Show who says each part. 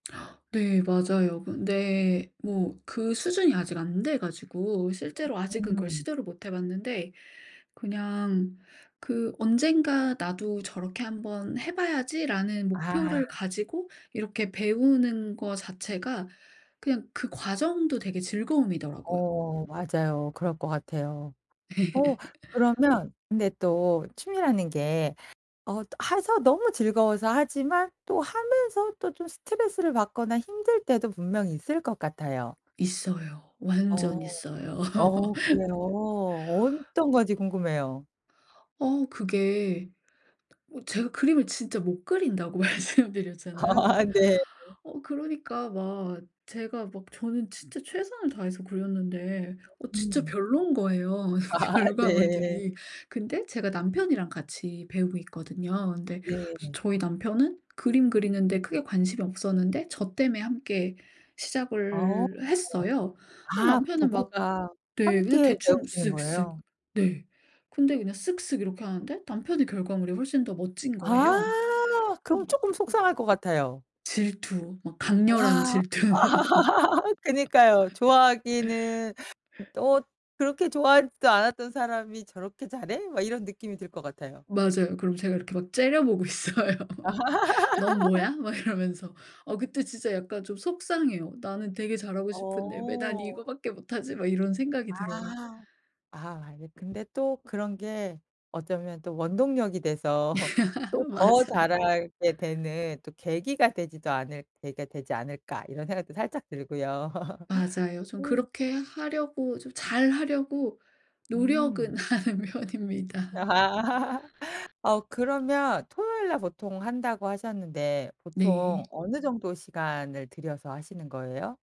Speaker 1: 네. 맞아요. 그런데 뭐 그 수준이 아직 안 돼 가지고 실제로
Speaker 2: 어.
Speaker 1: 아직은 그걸
Speaker 2: 음.
Speaker 1: 시도를 못 해 봤는데 그냥 그 '언젠가 나도 저렇게 한번 해 봐야지.'라는
Speaker 2: 아.
Speaker 1: 목표를 가지고 이렇게 배우는 거 자체가 그냥 그 과정도 되게 즐거움이더라고요.
Speaker 2: 어. 맞아요. 그럴 것 같아요. 어 그러면 근데 또 취미라는 게 어 해서 너무 즐거워서 하지만 또 하면서 또 좀 스트레스를 받거나 힘들 때도 분명히 있을 것 같아요.
Speaker 1: 있어요.
Speaker 2: 어.
Speaker 1: 완전 있어요.
Speaker 2: 어 그래요? 어떤 건지 궁금해요.
Speaker 1: 어. 그게 어 제가 그림을 진짜 못 그린다고 말씀 드렸잖아요.
Speaker 2: 아.
Speaker 1: 그러니까
Speaker 2: 네.
Speaker 1: 어 그러니까 막 제가 막 저는 진짜 최선을 다해서 그렸는데
Speaker 2: 어.
Speaker 1: 어 진짜
Speaker 2: 음.
Speaker 1: 별로인 거예요 이
Speaker 2: 아. 네.
Speaker 1: 결과물들이. 근데 제가 남편이랑 같이 배우고 있거든요. 근데
Speaker 2: 네.
Speaker 1: 저희 남편은 그림 그리는 데 크게 관심이 없었는데 저 때문에 함께
Speaker 2: 아 어.
Speaker 1: 시작을 했어요. 아
Speaker 2: 아
Speaker 1: 남편은 막
Speaker 2: 부부가
Speaker 1: 네. 그냥
Speaker 2: 함께
Speaker 1: 대충
Speaker 2: 배우시는
Speaker 1: 쓱쓱.
Speaker 2: 거예요?
Speaker 1: 네. 근데 그냥 쓱쓱 이렇게 하는데 남편의 결과물이 훨씬 더 멋진
Speaker 2: 아.
Speaker 1: 거예요.
Speaker 2: 그럼
Speaker 1: 음.
Speaker 2: 쪼끔 속상할 것 같아요.
Speaker 1: 질투. 막 강렬한
Speaker 2: 아.
Speaker 1: 질투.
Speaker 2: 그니까요. 좋아하기는 음 '어. 그렇게 좋아하지도 않았던 사람이 저렇게 잘해?' 막 이런 느낌이 들 것 같아요.
Speaker 1: 맞아요. 그럼 제가 이렇게 막 째려보고 있어요. "넌 뭐야?" 막 이러면서. 어 그때 진짜 약간 좀 속상해요. '나는 되게 잘하고 싶은데 왜 난
Speaker 2: 어.
Speaker 1: 이거밖에 못 하지?' 막 이런 생각이 들어요.
Speaker 2: 아. 아 아니 근데 또 '그런 게 어쩌면 또 원동력이 돼서 또 더
Speaker 1: 맞아요.
Speaker 2: 잘하게 되는 또 계기가 되지도 않을 계기가 되지 않을까.' 이런 생각도 살짝 들고요.
Speaker 1: 맞아요. 좀
Speaker 2: 음.
Speaker 1: 그렇게 하려고 좀 잘 하려고
Speaker 2: 음.
Speaker 1: 노력은 하는 편입니다.
Speaker 2: 어 그러면 토요일 날 보통 한다고 하셨는데 보통
Speaker 1: 네.
Speaker 2: 어느 정도 시간을 들여서 하시는 거예요?